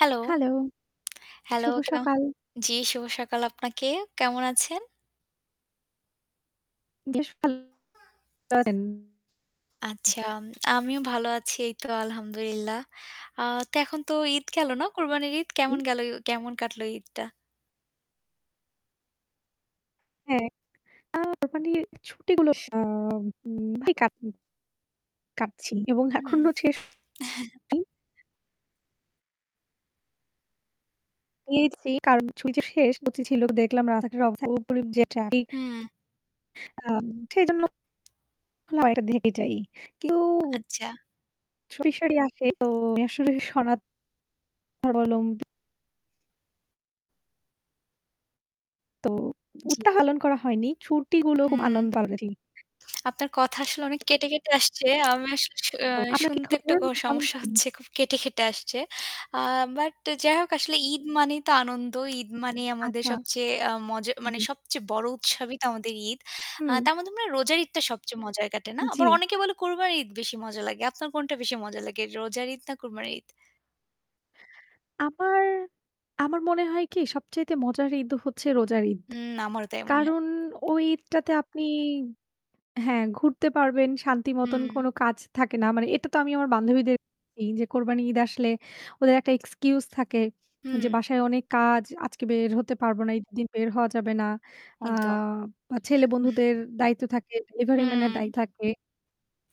Hello! Hello, Hello! শুভ কেও সকাল। জি, শুভ সকাল আপনাকে। কেমন আছেন? আচ্ছা, আমিও ভালো আছি এই তো আলহামদুলিল্লাহ। আ তো এখন তো ঈদ গেল না, কোরবানির ঈদ। কেমন হু। গেল? কেমন কাটলো ঈদটা? হ্যাঁ। আ কুরবানির ছুটিগুলোর সা আম উম [unintelligible] কাটছি এবং হুম। এখনো শেষ জি। পেয়েছি কারণ ছুটি তো শেষ [unintelligible] ছিল দেখলাম যে রাস্তাঘাটের অবস্থা খুব যে ট্রাফিক হুম। আম সেইজন্য [unintelligible] কিন্তু আচ্ছা। সুরি, সুরি আসে তো আমি আসলে সনা ধর্মালম্বী। তো জি। [unintelligible] করা হয়নি। ছুটিগুলো খুব হুম। আনন [unintelligible] জি। আপনার কথা আসলে অনেক কেটে, কেটে আসছে। আমি আসলে শু অ্যা তো আপনার কি শুনতে একটু খবর? ক কেমন সমস্যা কাটলো? হচ্ছে। খুব কেটে, কেটে আসছে। আ but যাই হোক, আসলে ঈদ মানেই তো আনন্দ। ঈদ মানেই আমাদের আচ্ছা, সবচেয়ে আ মজা মানে জি। সবচেয়ে বড় উৎসবই তো আমাদের ঈদ। আ হুম। তার মধ্যে মনে রোজার ঈদটা সবচেয়ে মজায় কাটে, না? আবার উম-জি। অনেকে বলে কোরবানির ঈদ বেশি মজা লাগে। আপনার কোনটা বেশি মজা লাগে, রোজার ঈদ না কোরবানির ঈদ? আমার আমার মনে হয় কি সবচাইতে মজার ঈদ হচ্ছে রোজার ঈদ। হুম, আমারও তাই মনে হয়। কারণ ওই ঈদটাতে আপনি হ্যাঁ, ঘুরতে পারবেন। শান্তিমতন কোন উম কাজ থাকে না। মানে এটা তো আমি আমার বান্ধবীদের বলি কোরবানির ঈদ আসলে ওদের একটা excuse থাকে যে হুম। বাসায় অনেক কাজ, আজকে বের হতে পারবো না, ঈদের দিন বের হওয়া যাবে না, আ একদম। বা ছেলে বন্ধুদের দায়িত্ব থাকে, delivery man এর দায় হুম। থাকে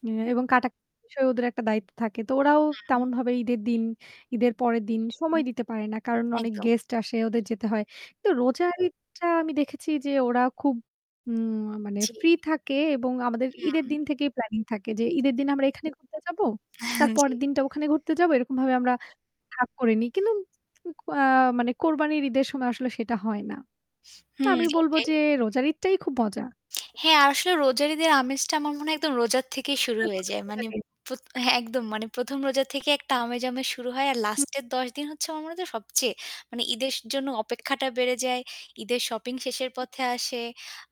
অ্যা এবং কাটা বিষয়ে ওদের একটা দায়িত্ব থাকে। তো ওরাও হুম। তেমনভাবে ঈদের দিন, ঈদের পরের দিন সময় দিতে পারে না। কারণ অনেক একদম। guest আসে, ওদের যেতে হয়। কিন্তু রোজার ঈদটা আমি দেখেছি যে ওরা খুব উম আ মানে জি। free থাকে এবং আমাদের ঈদের হুম। দিন থেকেই planning থাকে যে ঈদের দিন আমরা এখানে ঘুরতে যাব, তার হান জি। পরের দিনটা ওখানে ঘুরতে যাব, এরকমভাবে আমরা ভাগ করেনি। কিন্তু ক আ মানে কোরবানির ঈদের সময় আসলে সেটা হয় না। তো হুম, আমি বলব এইটাই। যে রোজার ঈদটাই খুব মজা। হ্যাঁ, আর আসলে রোজার ঈদের আমেজটা আমার মনে হয় একদম রোজার তো থেকেই শুরু আপনার হয়ে কোনটা যায়। ভালো মানে, লাগে? পোত হ্যাঁ, একদম মানে ১ম রোজা থেকে একটা আমেজ, আমেজ শুরু হয়। আর হু। last এর ১০ দিন হচ্ছে আমার মনে হয় যে সবচেয়ে মানে ঈদের জন্য অপেক্ষাটা বেড়ে যায়। ঈদের shopping শেষের পথে আসে।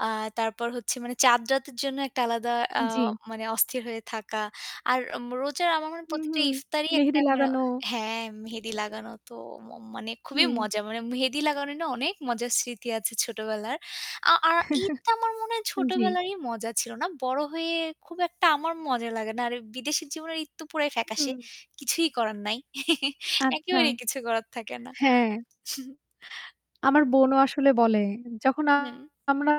আ তারপর হচ্ছে মানে চাঁদ রাতের জন্য একটা আলাদা আ জি। মানে অস্থির হয়ে থাকা। আর ম রোজার আমার মনে হয় প্রতিটা উমহু ইফতারই মেহেদি একটা মানে লাগানো হ্যাঁ, মেহেদি লাগানো তো ম মানে খুবই হুম। মজা। মানে মেহেদি লাগানো নিয়ে অনেক মজার স্মৃতি আছে ছোটবেলার। আ আর ঈদ তো আমার মনে হয় আন জি। ছোটবেলারই মজা ছিল, না? বড় হয়ে খুব একটা আমার মজা লাগে না। আর বিদেশের জীবনে ঈদ তো পুরাই ফ্যাকাশে। হুম। কিছুই করার নাই আচ্ছা, একেবারেই কিছু করার থাকে না। হ্যাঁ। আমার বোনও আসলে বলে যখন হুম। আমরা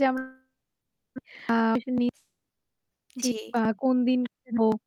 যেমন আ জি জি। আ কোন দিন ফিরব।